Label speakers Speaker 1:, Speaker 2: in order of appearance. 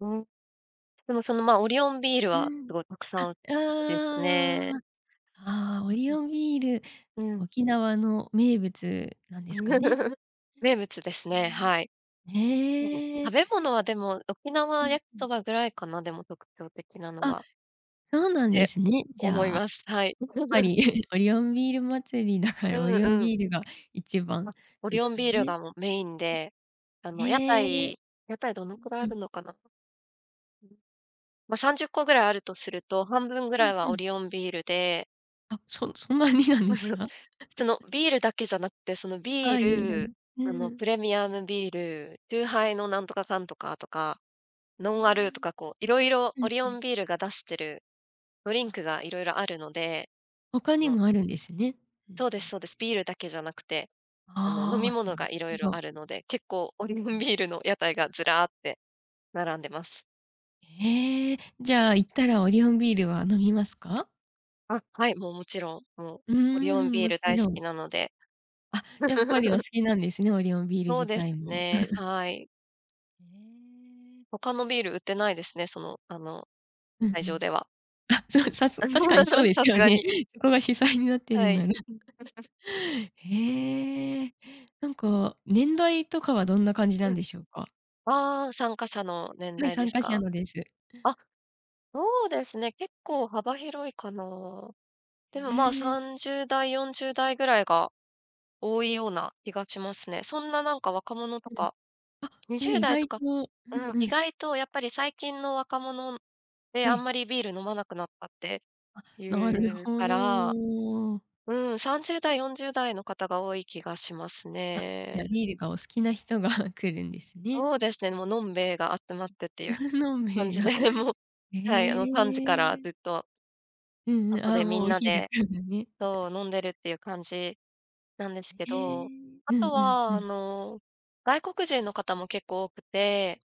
Speaker 1: うん。でもそのまあ、オリオンビール
Speaker 2: う
Speaker 1: はす
Speaker 2: ん、
Speaker 1: ごいたく
Speaker 2: あ、
Speaker 1: さ
Speaker 2: あ
Speaker 1: ん売ってですね。
Speaker 2: あああああああ。ああ、
Speaker 1: うん、
Speaker 2: オリオ ンビール、
Speaker 1: うん。
Speaker 2: 沖縄の名物なんですかね？
Speaker 1: 名物ですね、はい。そう、
Speaker 2: へ
Speaker 1: 食
Speaker 2: え。
Speaker 1: べ物はでも、沖
Speaker 2: う
Speaker 1: 縄
Speaker 2: ん
Speaker 1: 焼き
Speaker 2: う
Speaker 1: そ
Speaker 2: ん。
Speaker 1: ばぐらいかな、でも特徴的なの
Speaker 2: あ、
Speaker 1: は。
Speaker 2: そうな
Speaker 1: っ
Speaker 2: んで
Speaker 1: て
Speaker 2: すね。じ
Speaker 1: 思い
Speaker 2: ゃあ、
Speaker 1: ます。はい。
Speaker 2: やっぱ り、オリオンビール祭りだか
Speaker 1: う
Speaker 2: ら、オ
Speaker 1: ん
Speaker 2: リオン
Speaker 1: うん。
Speaker 2: ビールが一番
Speaker 1: あ、オ
Speaker 2: で
Speaker 1: リ
Speaker 2: す
Speaker 1: オン
Speaker 2: か
Speaker 1: ビール
Speaker 2: ね？
Speaker 1: がもうメインで、あ
Speaker 2: うん。
Speaker 1: の、屋
Speaker 2: へえ、
Speaker 1: 台屋台どのくらい
Speaker 2: う
Speaker 1: あ
Speaker 2: んうん。
Speaker 1: るのかな。ま、30個ぐらいあるとすると、半分ぐら
Speaker 2: うん
Speaker 1: い
Speaker 2: う
Speaker 1: はオ
Speaker 2: ん。
Speaker 1: リオンビールで
Speaker 2: あ、そそんなになんです か？
Speaker 1: その ビールだけじゃなくて、その
Speaker 2: あ
Speaker 1: ビー
Speaker 2: あ、色々。
Speaker 1: ル、
Speaker 2: う
Speaker 1: あ
Speaker 2: ー
Speaker 1: の、
Speaker 2: ん。
Speaker 1: プレミアムビール、チューハ イのなんとかかんとかとか、ノ
Speaker 2: へ
Speaker 1: ンアルと
Speaker 2: え。
Speaker 1: か、こう、色々
Speaker 2: う
Speaker 1: オ
Speaker 2: ん
Speaker 1: リ
Speaker 2: う
Speaker 1: オ
Speaker 2: ん。
Speaker 1: ンビールが出してるドリン
Speaker 2: あ
Speaker 1: クが色々あるので、
Speaker 2: 他
Speaker 1: あ
Speaker 2: に
Speaker 1: の
Speaker 2: もあるんですね。ふん
Speaker 1: そうで
Speaker 2: ふ
Speaker 1: す
Speaker 2: ん。
Speaker 1: そうです。ビールだけじゃなくて、あの、飲
Speaker 2: あ
Speaker 1: み
Speaker 2: あ、そ、
Speaker 1: 物
Speaker 2: な
Speaker 1: が
Speaker 2: る
Speaker 1: 色
Speaker 2: ほ
Speaker 1: 々
Speaker 2: ど。
Speaker 1: あるので、結構
Speaker 2: う
Speaker 1: オ
Speaker 2: ん
Speaker 1: リオ
Speaker 2: う
Speaker 1: ン
Speaker 2: ん。
Speaker 1: ビールの屋台がずらーって並んでます。
Speaker 2: へえ、じゃあ行ったらオリオンビールは飲みますか？
Speaker 1: あ、はい、もうもちろん。もう
Speaker 2: うー
Speaker 1: オリオン
Speaker 2: ん、
Speaker 1: ビー
Speaker 2: も
Speaker 1: ル
Speaker 2: ち
Speaker 1: 大好
Speaker 2: ろん。
Speaker 1: きなので。
Speaker 2: あ、やっぱりお好 きなんですね、オリオンビール
Speaker 1: そう
Speaker 2: 自
Speaker 1: です
Speaker 2: 体も。
Speaker 1: ね。はい。
Speaker 2: ええ。
Speaker 1: 他のビール売ってないですね、その、あの
Speaker 2: うん
Speaker 1: 会
Speaker 2: う
Speaker 1: 場
Speaker 2: ん。
Speaker 1: では。
Speaker 2: あ、じゃあ、さす、確かにそう です
Speaker 1: さす
Speaker 2: よ
Speaker 1: が
Speaker 2: ね。
Speaker 1: に
Speaker 2: そこが主催になってる
Speaker 1: は
Speaker 2: んな
Speaker 1: い。
Speaker 2: ら、へえ。なんか年代とかはどんな感じな
Speaker 1: う
Speaker 2: ん
Speaker 1: ん。
Speaker 2: でしょうか？
Speaker 1: ああ、参加者の年
Speaker 2: はい、
Speaker 1: 代で
Speaker 2: 参
Speaker 1: す
Speaker 2: 加者
Speaker 1: か？
Speaker 2: のです。
Speaker 1: あ、そうですね、結構幅広いかな。でもまあ、
Speaker 2: へえ。
Speaker 1: 30代、40代ぐらいが多いような気がしますね。そんななんか若者と
Speaker 2: うんうん。
Speaker 1: か、
Speaker 2: あ、
Speaker 1: に
Speaker 2: ええ、
Speaker 1: じゅう
Speaker 2: 意
Speaker 1: だいと
Speaker 2: 外
Speaker 1: か、
Speaker 2: と、う
Speaker 1: う
Speaker 2: ん
Speaker 1: ん、
Speaker 2: う
Speaker 1: 意
Speaker 2: ん。
Speaker 1: 外とやっぱり最近の若者って
Speaker 2: え
Speaker 1: あん
Speaker 2: え。
Speaker 1: まりビール飲まなくなったって
Speaker 2: あ、
Speaker 1: い
Speaker 2: なる
Speaker 1: う
Speaker 2: ほ
Speaker 1: から。
Speaker 2: ど。
Speaker 1: うん、30代、40代の方が多い気がします
Speaker 2: あ、じ
Speaker 1: ね。
Speaker 2: ゃ、ビールがお好きな人が来るんですね。
Speaker 1: そうですね、もう飲兵衛が集まってっていう、
Speaker 2: 飲兵
Speaker 1: 感
Speaker 2: 衛
Speaker 1: じ
Speaker 2: が。
Speaker 1: でもう、
Speaker 2: へ
Speaker 1: はい、あの3時から
Speaker 2: え。
Speaker 1: ずっと
Speaker 2: うんうん、
Speaker 1: 外
Speaker 2: あ
Speaker 1: で
Speaker 2: あ、
Speaker 1: み
Speaker 2: もう
Speaker 1: ん
Speaker 2: お
Speaker 1: な
Speaker 2: 昼か
Speaker 1: で
Speaker 2: らね。
Speaker 1: そう、飲んで るっていう感じなんですけ
Speaker 2: へ
Speaker 1: ど、
Speaker 2: え、
Speaker 1: あ
Speaker 2: うんう
Speaker 1: と
Speaker 2: んう
Speaker 1: は、あ
Speaker 2: ん。
Speaker 1: の、外国人の方も結構多くて